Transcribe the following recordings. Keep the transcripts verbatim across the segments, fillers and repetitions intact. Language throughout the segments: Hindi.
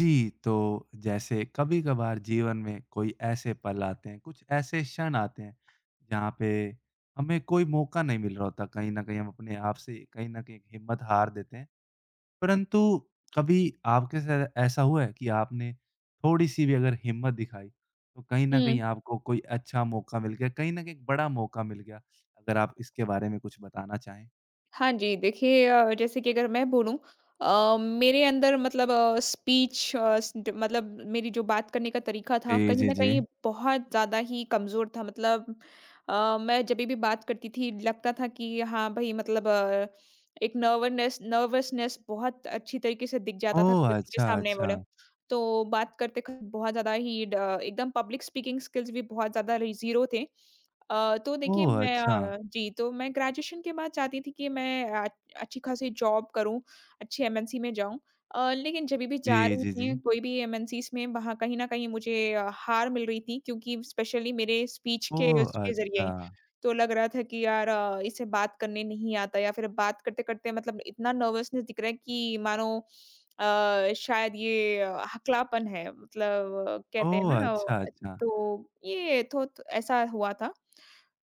जी, तो जैसे कभी-कभार जीवन में कोई ऐसे पल आते हैं, कुछ ऐसे क्षण आते हैं, जहाँ पे हमें कोई मौका नहीं मिल रहा होता। कहीं न कहीं हम अपने आप से कहीं न कहीं हिम्मत हार देते हैं। परंतु कभी आपके साथ ऐसा हुआ है कि आपने थोड़ी-सी भी अगर हिम्मत दिखाई, तो कहीं न कहीं हुँ। आपको कोई अच्छा मौका मिल गया, कहीं न कहीं एक बड़ा मौका मिल गया? अगर आप इसके बारे में कुछ बताना चाहें। हाँ जी, देखिए, अ, जैसे कि अगर मैं बोलूँ अ, मेरे अंदर मतलब अ, स्पीच, अ, स मतलब मेरी जो बात करने का तरीका था, जी, कहीं जी, न कहीं जी। बहुत ज़्यादा ही कमज़ोर था। मतलब अ, मैं जभी भी बात करती थी, लगता था कि हाँ भई, मतलब अ, एक नर्वननेस नर्वसनेस बहुत अच्छी तरीके से दिख जाता था ओह! [unintelligible] के अच्छा, सामने मल अच्छा। तो बात करते क बहुत ज़्यादा ही ड एकदम पब्लिक स्पीकिंग स्किल्स भी बहुत ज़्यादा री ज़ीरो थे। अ, तो देखिए, ओह! मैं अच्छा। अ, जी, तो मैं ग्रेजुएशन के बाद चाहती थी कि मैं आ अच्छी-खासी जॉब करूँ, अच्छी एमएनसी में जाऊँ। अ, लेकिन जब भी जा जी, रही जी, थी जी। कोई भी एमएनसीज़ में, वहाँ कहीं न कहीं मुझे अ, हार मिल रही थी, क्योंकि स्पेशली मेरे स्पीच के ओह! उसके ज़रिए। अच्छा। तो लग रहा था कि यार अ, इसे बात करने नहीं आता या फिर बात करते-करते मतलब इतना नर्वसनेस दिख रहा है कि मानो अ, शायद ये अ, हकलापन है। मतलब कहते हैं ओह! ना अ, अच्छा, व अच्छा। तो ये थोत ऐसा हुआ था।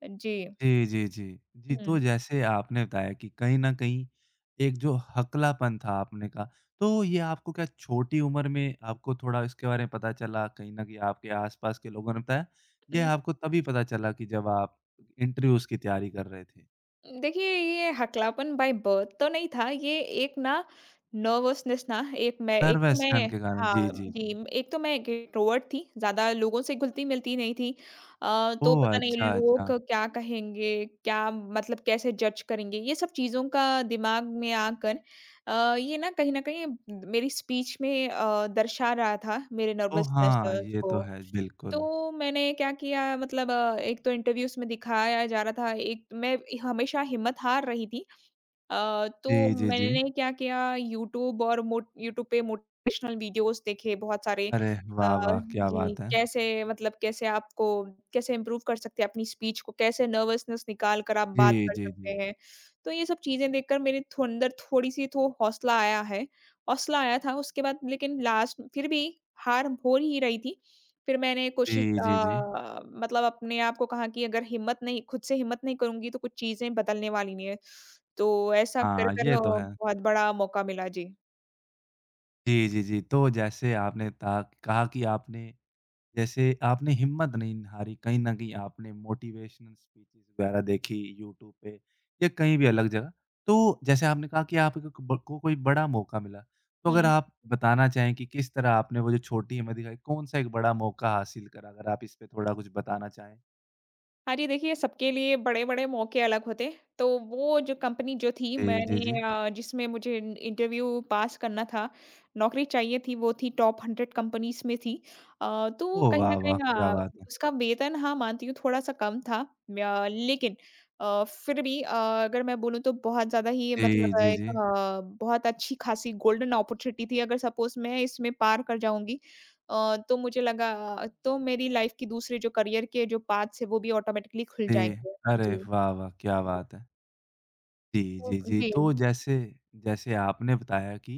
जी। जी, जी, जी। जी, तो हुँ। जैसे आपने बताया कि कहीं न कहीं एक जो हकलापन था, आपने कहा, तो ये आपको क्या छोटी उम्र में आपको थोड़ा इसके बारे में पता चला? कहीं न कहीं आपके आसपास के लोगों ने बताया? हुँ। या आपको तभी पता चला कि जब आप इंटरव्यूज़ की तैयारी कर रहे थे? देखिए, ये हकलापन बाइ बर्थ तो नहीं था। ये एक ना नर्वसनेस ना, एक मैं एक तो नर्वसपन मैं के कारण। हाँ, जी, जी, जी। जी, एक तो मैं इंट्रोवर्ट थी, ज़्यादा लोगों से घुलती-मिलती नहीं थी। अ, तो ओह! पता नहीं अच्छा, लोग अच्छा। क्या कहेंगे, क्या मतलब कैसे जज़ करेंगे, ये सब चीज़ों का दिमाग में आकर अ, ये ना कहीं न कहीं मेरी स्पीच में अ, दर्शा रहा था मेरे ओह! नर्वसनेस हाँ। लेवेल्स ये तो को। है, बिल्कुल। तो मैंने क्या किया मतलब अ, एक तो इन्टर्व्यूज़ में दिखाया जा रहा था, एक मैं हमेशा हिम्मत हार रही थी। अ, तो जी, जी, जी। मैंने क्या किया यूट्यूब और मोट यूट्यूब पे मोटिवेशनल वीडियोज़ देखें बहुत सारे। अरे, अ, वाह, वाह! क्या जी, बात है। कैसे, मतलब कैसे आपको कैसे इम्प्रूव कर सकते हैं अपनी स्पीच को, कैसे नर्वसनेस निकाल कर आप बात जी, कर जी, सकते जी। हैं। तो ये सब चीज़ें देखकर मेरे थंदर थोड़ी-सी तो हौसला आया है। हौसला आया था, उसके बाद लेकिन लास्ट फिर भी हार हो ही रही थी। फिर मैंने कोशिश जी, जी, जी। अ, मतलब अपने आप को कहा कि अगर हिम्मत नहीं खुद से हिम्मत नहीं करुँगी तो कुछ चीज़ें बदलने वाली नहीं है। तो ऐसा हाँ, कर-कर ये अ, तो है। बहुत बड़ा मौका मिला। जी। जी, जी, जी। तो जैसे आपने तहा कहा कि आपने जैसे आपने हिम्मत नहीं हारी। कहीं न कहीं आपने मोटिवेशनल स्पीचेस वगैरह देखी यूट्यूब पे या कहीं भी अलग जगह। तो जैसे आपने कहा कि आ कक ब को कोई बड़ा मौका मिला। तो अगर हुँ। आप बताना चाहें कि किस तरह आपने वो जो छोटी हिम्मत दिखाई, कौन-सा एक बड़ा मौका हासिल करा? अगर आप इस पे थोड़ा कुछ बताना चाहें। हाँ जी, देखिए सबके लिए बड़े-बड़े मौके अलग होते हैं। तो वो जो कंपनी जो थी जी, जी, जी। मैंने अ, जिसमें मुझे इन इंटरव्यू पास करना था, नौकरी चाहिए थी, वो थी टॉप हंड्रेड कंपनीज़ में थी। अ, तो ओह कहीं न वाह! वाह! कहीं क्या अ, बात है। उसका वेतन हाँ, मानती हूँ थोड़ा-सा कम था। व्य लेकिन अ, फिर भी अ, अगर मैं बोलूँ तो बहुत ज़्यादा ही जी, मतलब जी, एक जी। अ, बहुत अच्छी-खासी गोल्डन ऑपर्च्युनिटी थी। अगर सपोज़ मैं इसमें पार कर जाऊँगी अ, तो मुझे लगा अ, तो मेरी लाइफ के दूसरे जो करियर के जो पाथ्स हैं, वो भी ऑटोमेटिकली खुल जी। जाएँगे। अरे जी। वाह! वाह! क्या बात है। जी, तो जी, जी। तो जी। जैसे जैसे आपने बताया कि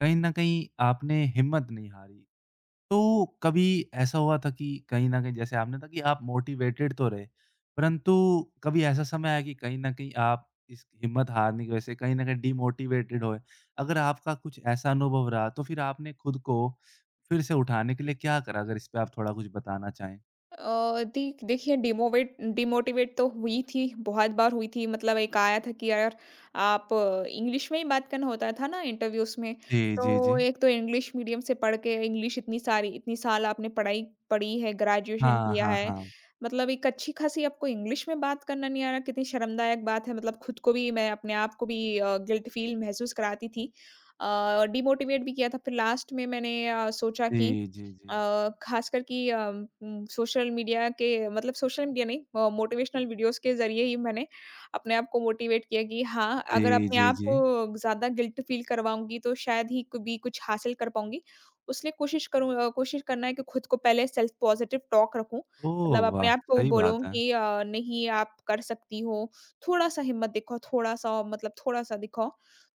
कहीं न कहीं आपने हिम्मत नहीं हारी। तो कभी ऐसा हुआ था कि कहीं न कहीं जैसे आपने कहा कि आप मोटिवेटेड तो रहे परंतु कभी ऐसा समय आया कि कहीं न कहीं आप इस हिम्मत हारने की वजह से कहीं न कहीं डीमोटिवेटेड हुए। अगर आपका कुछ ऐसा अनुभव रहा तो फिर आपने खुद को फिर से उठाने के लिए क्या करा? अगर इस पे आप थोड़ा कुछ बताना चाहें। अ, देख देखिए, डिमोवेट डिमोटिवेट तो हुई थी, बहुत बार हुई थी। मतलब एक आया था कि अ, आप इंग्लिश में ही बात करना होता था ना इंटरव्यूज़ में, जी, जी, तो जी। एक तो इंग्लिश मीडियम से पढ़ के इंग्लिश इतनी सारी इतनी साल आपने पढ़ाई पड़ी है, ग्रेजुएशन हाँ, किया हाँ, है। हाँ। मतलब एक अच्छी-खासी आपको इंग्लिश में बात करना नहीं आ रहा, कितनी शर्मदायक बात है। मतलब खुद को भी मैं अपने आप को भी अ, गिल्ट फ़ील महसूस कराती थी। अ, डिमोटिवेट भी किया था। फिर लास्ट में मैंने अ, सोचा कि जी, जी, जी। अ, खासकर कि अम, म सोशल मीडिया के मतलब सोशल मीडिया नहीं, मोटिवेशनल वीडियोज़ के ज़रिए ही मैंने अपने आप को मोटिवेट किया कि हाँ, अगर जी, अपने जी, आप जी। को ज़्यादा गिल्ट फ़ील करवाऊँगी तो शायद ही कभी कुछ हासिल कर पाऊँगी। इसलिए कोशिश करूँ अ, कोशिश करना है कि खुद को पहले सेल्फ पॉज़िटिव टॉक रखूँ। मतलब ओह अपने वाह! आप को सही बात बोलूँ है। कि अ, नहीं, आप कर सकती हो। थोड़ा-सा हिम्मत दिखाओ, थोड़ा-सा औ मतलब थोड़ा-सा दिखाओ।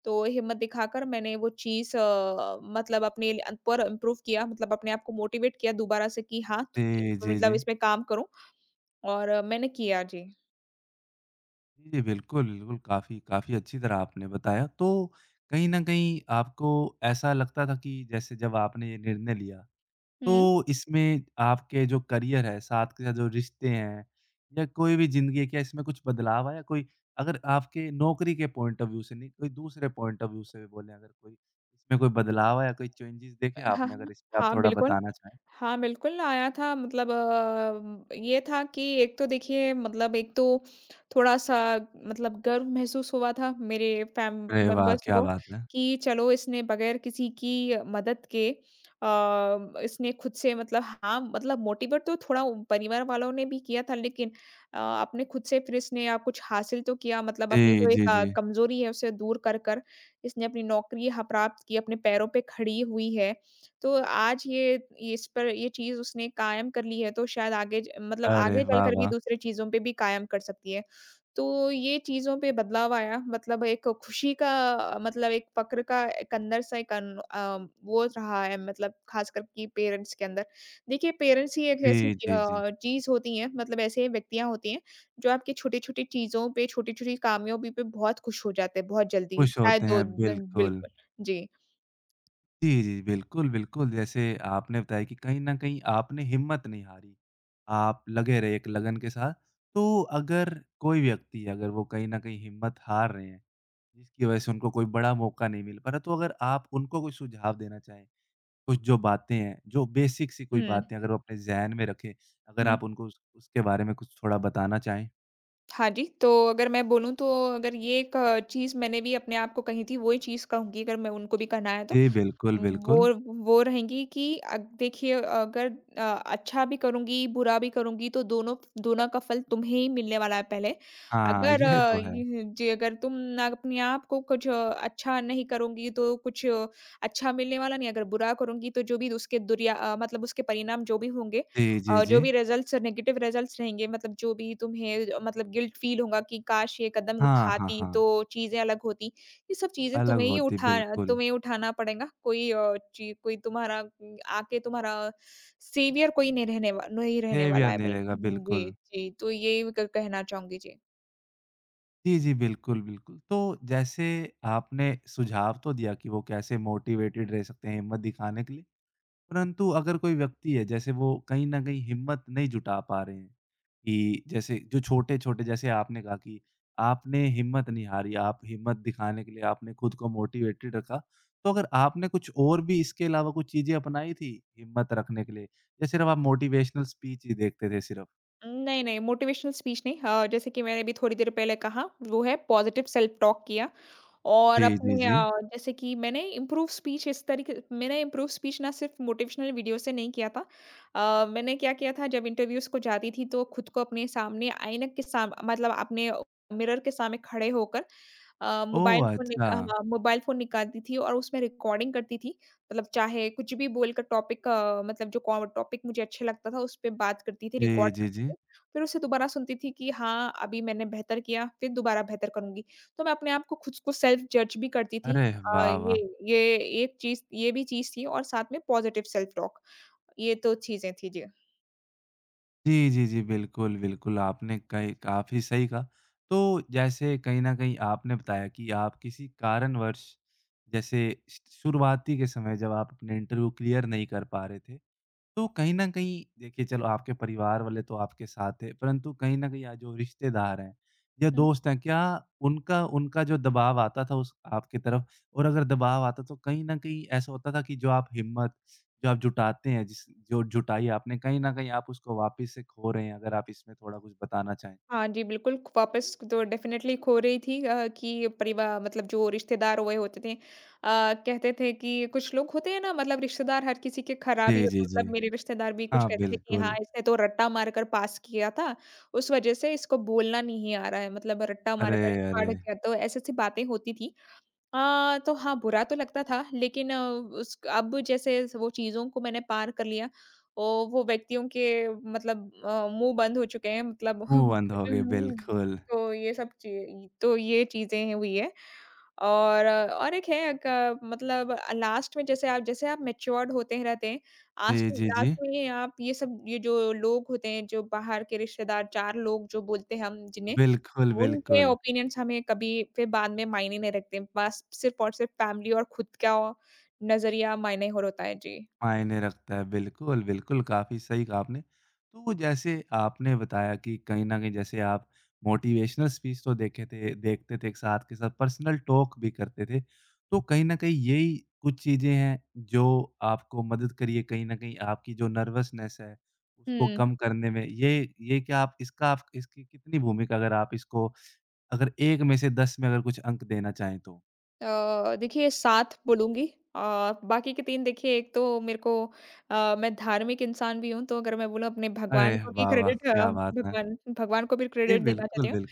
तो हिम्मत दिखाकर मैंने वह चीज़ अ, मतलब अपने ल अन पर इम्प्रूव किया। मतलब अपने आप को मोटिवेट किया दोबारा से कि हाँ, [unintelligible] जी, जी, मतलब जी। इसमें काम करूँ और मैंने किया। जी। जी, बिल्कुल, बिल्कुल। काफ़ी, काफ़ी अच्छी तरह आपने बताया। तो कहीं न कहीं आपको ऐसा लगता था कि जैसे जब आपने ये निर्णय लिया, हुँ। तो इसमें आपके जो करियर है, साथ के साथ जो रिश्ते हैं या कोई भी ज़िंदगी है, क्या इसमें कुछ बदलाव आया कोई? अगर आपके नौकरी के पॉइंट ऑफ़ व्यू से नहीं, कोई दूसरे पॉइंट ऑफ़ व्यू से भी बोलें अगर कोई, इसमें कोई बदलाव आया, कोई चेंजेज़ अ, देखे हाँ, आपने, हाँ। अगर इस पे आप हाँ, थोड़ा बिल्कुल। बताना चाहें? हाँ, बिल्कुल आया था मतलब अ, ये था कि एक तो देखिए, मतलब एक तो थोड़ा-सा मतलब गर्व महसूस हुआ था मेरे फ़ैम अरे वाह! मेंबर्स क्या को बात है। कि, चलो, इसने बगैर किसी की अ, मदद के अ, इसने खुद से मतलब हाँ, मतलब मोटिवेट तो थोड़ा उ परिवार वालों ने भी किया था लेकिन अ, अपने खुद से फिर इसने कुछ हासिल तो किया। मतलब अपनी जी, जो जी, एक अ, जी। कमज़ोरी है, उसे दूर कर कर इसने अपनी नौकरी ह प्राप्त की, अपने पैरों पे खड़ी हुई है। तो आज ये, ये इस पर ये चीज़ उसने कायम कर ली है, तो शायद आगे ज मतलब अरे, आगे वाह, चलकर भी वाह! दूसरी चीज़ों पे भी कायम कर सकती है। तो ये चीज़ों पे बदलाव आया, मतलब एक खुशी का अ, मतलब एक फक्र का एक अंदर से कन अम, वो रहा है मतलब खासकर कि पेरेंट्स के अंदर। देखिए, पेरेंट्स ही एक ऐसी जी, जी, जी। अ, चीज़ होती हैं मतलब ऐसे व्यक्तियों होती हैं, जो आपकी छोटी-छोटी चीज़ों पे, छोटे-छोटे कामयाबी पे बहुत खुश हो जाते हैं बहुत जल्दी, खुश होते शायद दो हैं, दिन बिल्कुल। बिल्कुल। जी। जी, जी, बिल्कुल, बिल्कुल, जैसे आपने बताया कि कहीं न कहीं आपने हिम्मत नहीं हारी, आप लगे रहे एक लगन के साथ। तो अगर कोई व्यक्ति अगर वो कहीं न कहीं हिम्मत हार रहे हैं, जिसकी वज़ह से उनको कोई बड़ा मौका नहीं मिल पा रहा है। तो अगर आप उनको कोई सुझाव देना चाहें, कुछ जो बातें हैं, जो बेसिक सी कोई हुँ। बातें अगर वो अपने ज़ेहन में रखें, अगर हुँ। आप उनको उस उसके बारे में कुछ थोड़ा बताना चाहें? हाँ जी। तो अगर मैं बोलूँ तो अगर ये एक चीज़ मैंने भी अपने आप को कही थी, वही चीज़ कहूँगी अगर मैं उनको भी कहना है तो, जी बिल्कुल, बिल्कुल। वो वो रहेंगी कि अद देखिए अगर अ, अच्छा भी करुँगी, बुरा भी करुँगी, तो दोनो फ दोनों का फल तुम्हें ही मिलने वाला है पहले। हाँ, अगर ये तो है। उम, जे अगर तुम ना अपने आप को कुछ अच्छा नहीं करुँगी, तो कुछ अच्छा मिलने वाला नहीं है। अगर बुरा करुँगी, तो जो भी उसके दुर अ, मतलब उसके परिणाम जो भी होंगे जी, और जी, अ, जो भी जी। रिजल्ट्स नेगेटिव रिजल्ट्स रहेंगे, मतलब जो भी तुम्हें अ, मतलब गिल्ट फ़ील होंगा कि काश! ये कदम हाँ, हाँ, उठाती, हाँ। तो चीज़ें अलग होती। ये सब चीज़ें अलग तुम्हें ही होती, उठा उठाना बिल्कुल। तुम्हें ही उठाना पड़ेंगा। कोई अ, ची कोई तुम्हारा उम, आके तुम्हारा सेवियर कोई नहीं रहने वाल नोहीं रहने वाला बिहेवियर है नहीं बिल। रहेगा जी, बिल्कुल। जी तो यही कह कहना चाहूँगी। जी। जी, जी, बिल्कुल, बिल्कुल, तो जैसे आपने सुझाव तो दिया कि वो कैसे मोटिवेटेड रह सकते हैं हिम्मत दिखाने के लिए, परंतु अगर कोई व्यक्ति है जैसे वो कहीं न कहीं हिम्मत नहीं जुटा पा रहे हैं कि जैसे जो छोटे-छोटे जैसे आपने कहा कि आपने हिम्मत नहीं हारी, आप हिम्मत दिखाने के लिए आपने खुद को मोटिवेटेड रखा। तो अगर आपने कुछ और भी इसके अलावा कुछ चीज़ें अपनाई थी हिम्मत रखने के लिए या सिर्फ आप मोटिवेशनल स्पीच ही देखते थे सिर्फ। उम नहीं, नहीं मोटिवेशनल स्पीच नहीं। अ, जैसे कि मैंने भी थोड़ी देर पहले कहा, वो है पॉज़िटिव सेल्फ़ टॉक किया और अ, जी, जी, जी। जैसे कि मैंने इम्प्रूव स्पीच इस तरीके मैंने इम्प्रूव स्पीच ना सिर्फ़ मोटिवेशनल वीडियोज़ से नहीं किया था। अ, मैंने क्या किया था जब इंटरव्यूज़ को जाती थी तो खुद को अपने सामने आईना के सामन मतलब अपने मिरर के सामने खड़े होकर अ, मोबाइल ओह फ़ोन [unintelligible] नि अ, अच्छा। मोबाइल फ़ोन निकालती थी और उसमें रिकॉर्डिंग करती थी। मतलब चाहे कुछ भी बोलकर टॉपिक अ, मतलब जो को टॉपिक मुझे अच्छा लगता था, उस पे बात करती थी जी, रिकॉर्ड जी, करके। जी। फिर उसे दोबारा सुनती थी कि हाँ, अभी मैंने बेहतर किया, फिर दोबारा बेहतर करूँगी। तो मैं अपने आप को खुद को सेल्फ़ जज भी करती थी। अरे अ, वाह वाह! ये ये, एक चीज़ ये भी चीज़ थी और साथ में पॉज़िटिव सेल्फ़ टॉक ये दो चीज़ें थीं जी। जी, जी, जी। बिल्कुल, बिल्कुल आपने कई काफ़ी सही कहा। तो जैसे कहीं न कहीं आपने बताया कि आप किसी कारणवश जैसे श शुरुआती के समय जब आप अपने इंटरव्यू क्लियर नहीं कर पा रहे थे, तो कहीं न कहीं देखिए चलो आपके परिवार वाले तो आपके साथ थे, परंतु कहीं न कहीं आज जो रिश्तेदार हैं या हुँ। दोस्त हैं, क्या उनका उनका जो दबाव आता था उस आपकी तरफ और अगर दबाव आता तो कहीं न कहीं ऐसा होता था कि जो आप हिम्मत, जो आप जुटाते हैं, जिस जो जुटाई आपने कहीं न कहीं आप उसको वापस से खो रहे हैं? अगर आप इसमें थोड़ा कुछ बताना चाहें। हाँ जी, बिल्कुल वापस तो डेफ़िनिटली खो रही थी अ, कि परिवा मतलब जो रिश्तेदार हुए होते थे, अ, कहते थे कि कुछ लोग होते हैं ना, मतलब रिश्तेदार हर किसी के ख़राब ही जी, जी, होते हैं। जी। मतलब मेरे रिश्तेदार भी कुछ हाँ, कहते थे कि हाँ, बिल्कुल। इसने तो रट्टा मारकर पास किया था। उस वज़ह से इसको बोलना नहीं आ रहा है, मतलब रट्टा अरे मारकर पास अरे! किया। तो ऐसी-ऐसी बातें होती थीं। अ, तो हाँ, बुरा तो लगता था, लेकिन उस अब जैसे वो चीज़ों को मैंने पार कर लिया। ओ, वो व्यक्तियों के मतलब मुँह बंद हो चुके हैं। मतलब मुँह बंद हो गए, [unintelligible] बिल्कुल। तो ये सब ची तो ये चीज़ें हुई हैं। और और एक है क मतलब लास्ट में जैसे आप, जैसे आप मैच्युअर्ड होते हैं, रहते हैं। आस्ट जी, जी, लास्ट जी। में ये आप ये सब ये जो लोग होते हैं, जो बाहर के रिश्तेदार, चार लोग जो बोलते हैं हम जिन्हें, बिल्कुल, उनके बिल्कुल। ओपिनियंस हमें कभी फिर बाद में मायने नहीं रखते। बस सिर्फ़ और सिर्फ़ फ़ैमिली और खुद का नज़रिया मायने और होता है। जी। मायने रखता है बिल्कुल, बिल्कुल। काफ़ी सही कहा आपने। तो जैसे आपने बताया कि कहीं न कहीं जैसे आप मोटिवेशनल स्पीच तो देखे थे, देखते थे एक साथ के साथ पर्सनल टॉक भी करते थे, तो कहीं न कहीं यही कुछ चीज़ें हैं, जो आपको मदद करी है कहीं न कहीं आपकी जो नर्वसनेस है उसको हुँ। कम करने में। ये ये क्या आप इसका इसकी कितनी भूमिका अगर आप इसको अगर एक में से दस में अगर कुछ अंक देना चाहें तो? अ, देखिए सात बोलूँगी। अ, बाकी के तीन देखिए एक तो मेरे को अ, मैं धार्मिक इंसान भी हूँ। तो अगर मैं बोलूँ अपने अरे भगवान को भी वाह, वाह! क्रेडिट अ, क्या बात है! भगवान भगवान को भी जी क्रेडिट देना चाहती बिल्कुल, हूँ। बिल्कुल।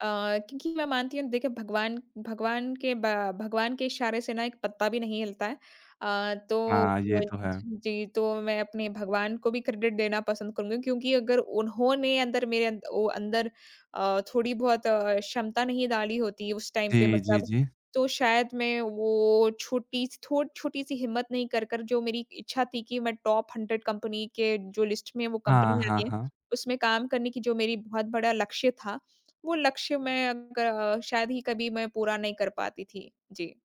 अ, क्योंकि मैं मानती हूँ देखिए भगवान भगवान के बा भगवान के इशारे से ना एक पत्ता भी नहीं हिलता है। अ, तो हाँ, ये तो है। [unintelligible] जी, तो मैं अपने भगवान को भी क्रेडिट देना पसंद करूँगी। क्योंकि अगर उन्होंने अंदर मेरे ओ अंदर अ, थोड़ी बहुत क्षमता नहीं डाली होती उस टाइम पे जी, जी, मतलब जी। तो शायद मैं वो छोटी थो छोटी-सी हिम्मत नहीं कर कर जो मेरी इच्छा थी कि मैं टॉप हंड्रेड कंपनी के जो लिस्ट में वो कंपनी हाँ, आ हाँ, गई है, हाँ। उसमें काम करने की जो मेरी बहुत बड़ा लक्ष्य था, वो लक्ष्य मैं अ, ग शायद ही कभी मैं पूरा नहीं कर पाती थी। जी।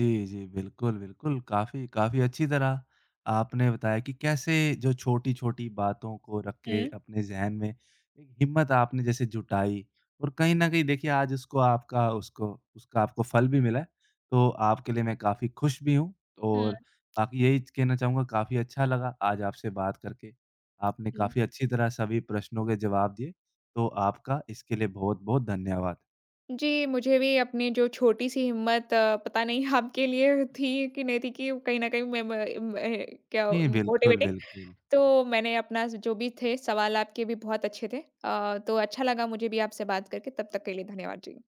जी, जी। बिल्कुल, बिल्कुल, काफ़ी काफ़ी अच्छी तरह आपने बताया कि कैसे जो छोटी-छोटी बातों को रख के हुँ। अपने ज़हन में एक हिम्मत आपने जैसे जुटाई और कहीं न कहीं देखिए आज उसको आपका उसको उसका आपको फल भी मिला है। तो आपके लिए मैं काफ़ी खुश भी हूँ हुँ। और बाकी यही कहना चाहूँगा काफ़ी अच्छा लगा आज आपसे बात करके। आपने हुँ। काफ़ी अच्छी तरह सभी प्रश्नों के जवाब दिए, तो आपका इसके लिए बहुत-बहुत धन्यवाद। जी, मुझे भी अपनी जो छोटी-सी हिम्मत अ, पता नहीं आपके लिए थी कि नहीं थी कि कहीं न कहीं में म मैं मैं क्या जी बिल्कुल, मोटिवेटिंग। बिल्कुल। तो मैंने अपना जो भी थे सवाल आपके भी बहुत अच्छे थे। अ, तो अच्छा लगा मुझे भी आपसे बात करके। तब तक के लिए धन्यवाद जी।